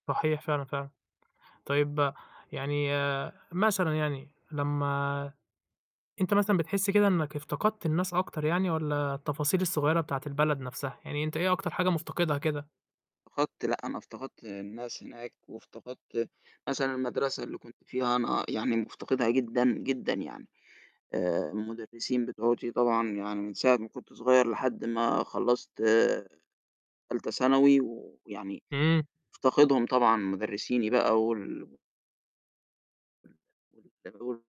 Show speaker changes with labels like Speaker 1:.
Speaker 1: صحيح، فعلًا فعلًا. طيب، يعني مثلًا يعني لمّا أنت مثلًا بتحس كده إنك افتقدت الناس أكتر يعني والّا التفاصيل الصغيرة بتاعة البلد نفسها، يعني أنت إيه أكتر حاجة مفتقدها كده؟
Speaker 2: فقدت لأ، أنا افتقدت الناس هناك وافتقدت مثلًا المَدرسة اللي كنت فيها أنا يعني مفتقدها جدًا جدًا يعني. آآ المُدرسين بتوعتي طبعًا يعني من ساعة ما كنت صغير لحد ما خلَّصت تالتة ثانوي ويعني
Speaker 1: إمم.
Speaker 2: مفتقدهم طبعًا مُدرسيني بقى وال [unintelligible]